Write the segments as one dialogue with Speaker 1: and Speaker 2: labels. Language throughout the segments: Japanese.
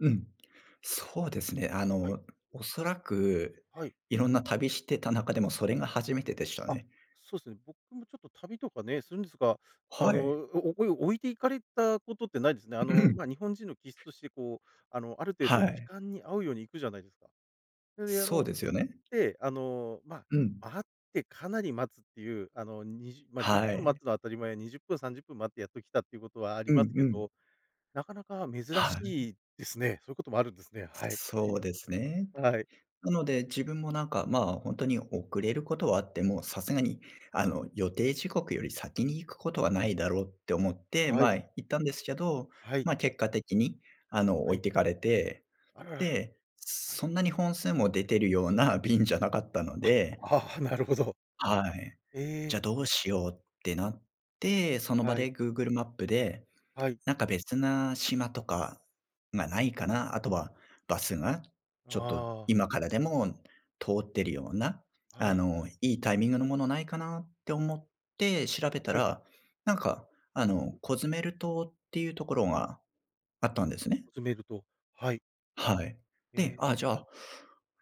Speaker 1: うん。そうですね。あ
Speaker 2: はい。
Speaker 1: の、おそらく
Speaker 2: はい。
Speaker 1: いろんな旅してた中でも、それが初めてでした
Speaker 2: あ、
Speaker 1: ね。
Speaker 2: そうすね。僕もちょっと旅とかね、するんですが、あ
Speaker 1: は
Speaker 2: の、
Speaker 1: い。
Speaker 2: おおおい置いて行かれたことってないですね。あの、ま、日本人の気質 として、こう、あの、ある程度
Speaker 1: は
Speaker 2: 時
Speaker 1: い。
Speaker 2: 間に合うように行くじゃないですか。それで、あ
Speaker 1: そう
Speaker 2: の、
Speaker 1: ですよ
Speaker 2: 行っ
Speaker 1: ね。
Speaker 2: て、あの、ま、
Speaker 1: うん。
Speaker 2: あってかなり待つっていう、あの、にじゅま、じゅっ
Speaker 1: は
Speaker 2: ぷん待
Speaker 1: い。
Speaker 2: つのは当たり前、20分30分待ってやっと来たっていうことはあり
Speaker 1: う
Speaker 2: ま
Speaker 1: ん
Speaker 2: すけ
Speaker 1: うん。
Speaker 2: ど、なかなか珍
Speaker 1: はい。
Speaker 2: しいですね。そういうこともあるんですね。はい。
Speaker 1: そう
Speaker 2: [unintelligible]
Speaker 1: ですね。
Speaker 2: はい。
Speaker 1: なので、自分も、なんか、まあ、ほんとに遅れることはあっても、さすがに、あの、予定時刻より先に行くことはないだろうって思って、
Speaker 2: はい。
Speaker 1: ま、行ったんですけど、
Speaker 2: はい。
Speaker 1: ま、結果的に、あの、
Speaker 2: は
Speaker 1: 置い
Speaker 2: い。
Speaker 1: てかれて。
Speaker 2: あらら。
Speaker 1: で、
Speaker 2: はい。
Speaker 1: そんなに本数も出てるような便じゃなかったの
Speaker 2: あ。
Speaker 1: で。
Speaker 2: ああ、なるほど。
Speaker 1: はい、
Speaker 2: え
Speaker 1: じ
Speaker 2: え。
Speaker 1: ゃ、どうしようってなって、その場
Speaker 2: はい。
Speaker 1: で Google マップで、
Speaker 2: はい。
Speaker 1: なんか、別な島とかがないかな、あとはバスが、ちょっと
Speaker 2: ああ。
Speaker 1: 今からでも通ってるような、
Speaker 2: は
Speaker 1: あ
Speaker 2: い。
Speaker 1: の、いいタイミングのものないかなって思って調べた
Speaker 2: はい。
Speaker 1: ら、なんか、あの、コズメル島っていうところがあったんですね。
Speaker 2: コズメル島、はい。
Speaker 1: はい。で、
Speaker 2: え
Speaker 1: ああ、
Speaker 2: え。
Speaker 1: じゃあ、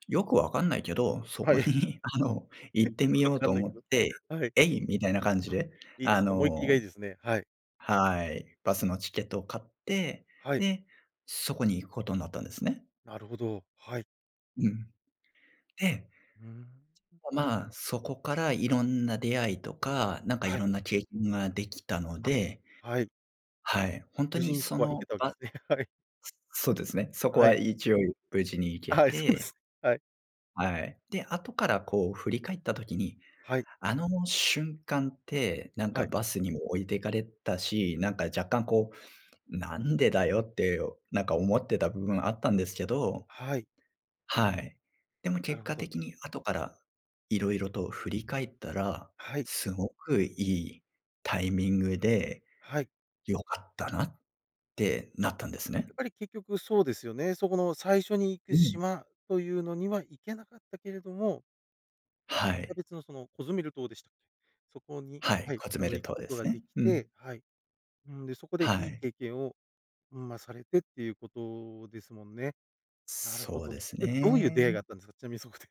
Speaker 1: よくわかんないけど、そ
Speaker 2: は
Speaker 1: こ
Speaker 2: い。
Speaker 1: に、あの、
Speaker 2: え、
Speaker 1: 行って
Speaker 2: よ
Speaker 1: み
Speaker 2: くわ
Speaker 1: よう
Speaker 2: か
Speaker 1: と
Speaker 2: んない
Speaker 1: 思っ
Speaker 2: けど。
Speaker 1: て、
Speaker 2: はい。
Speaker 1: えい！みたいな感じ
Speaker 2: あ、
Speaker 1: で、
Speaker 2: いいで
Speaker 1: あ
Speaker 2: すね、思いっきりが
Speaker 1: の
Speaker 2: いいですね。はい。
Speaker 1: はい。バスのチケットを買って、
Speaker 2: はい。
Speaker 1: で、そこに行くことんなったんですね。
Speaker 2: なるほど、はい。
Speaker 1: うん。で、ちょ
Speaker 2: うーん。
Speaker 1: っと、まあ、そこからいろんな出会いとか、なんか、い
Speaker 2: はい。
Speaker 1: ろんな経験ができたの
Speaker 2: あ、
Speaker 1: で。
Speaker 2: はい。
Speaker 1: はい。ほんと
Speaker 2: 無事
Speaker 1: に、
Speaker 2: にそ
Speaker 1: そ
Speaker 2: こは行け
Speaker 1: の、
Speaker 2: たわけ
Speaker 1: バ
Speaker 2: ですね。はい。
Speaker 1: すそうですね。そこ
Speaker 2: は
Speaker 1: は
Speaker 2: い。
Speaker 1: 一応ゆ無事に行け
Speaker 2: あ、はい、そうで
Speaker 1: て。
Speaker 2: す。はい。
Speaker 1: はい。で、後からこう振り返った時に、
Speaker 2: はい。
Speaker 1: あの、も、瞬間って、なん
Speaker 2: は
Speaker 1: か、
Speaker 2: い。
Speaker 1: バスにも置いてかれたし、なんか、若干、こう、なんでだよって、おなんか、思ってた部分あったんですけど。
Speaker 2: はい。
Speaker 1: はい。でも
Speaker 2: な
Speaker 1: 結
Speaker 2: るほ
Speaker 1: 果
Speaker 2: ど。
Speaker 1: 的に後から色々と振り返ったら、
Speaker 2: はい。
Speaker 1: すごくいいタイミングで、
Speaker 2: はい。
Speaker 1: 良かったなってなったんです
Speaker 2: や
Speaker 1: ね。
Speaker 2: っぱり結局そうですよね。そこの最初に行く
Speaker 1: うん。
Speaker 2: 島というのには行けなかったけれども
Speaker 1: は
Speaker 2: また
Speaker 1: い。
Speaker 2: 別のそのコズメル島でしたっけ？そこに、
Speaker 1: はい、
Speaker 2: はい、
Speaker 1: コズ
Speaker 2: あ
Speaker 1: メ
Speaker 2: の、
Speaker 1: ル
Speaker 2: 行く
Speaker 1: 島
Speaker 2: こ
Speaker 1: で
Speaker 2: と
Speaker 1: す
Speaker 2: がで
Speaker 1: ね。
Speaker 2: き
Speaker 1: うん。
Speaker 2: て、はい。うーん、で、そこで
Speaker 1: は
Speaker 2: いい
Speaker 1: い。
Speaker 2: 経験を、うん、ま、されてっていうことですもんね。なるほ
Speaker 1: そう
Speaker 2: ど。
Speaker 1: です
Speaker 2: で、どういう出会いが
Speaker 1: ね。
Speaker 2: あったんですか？ちなみにそこで。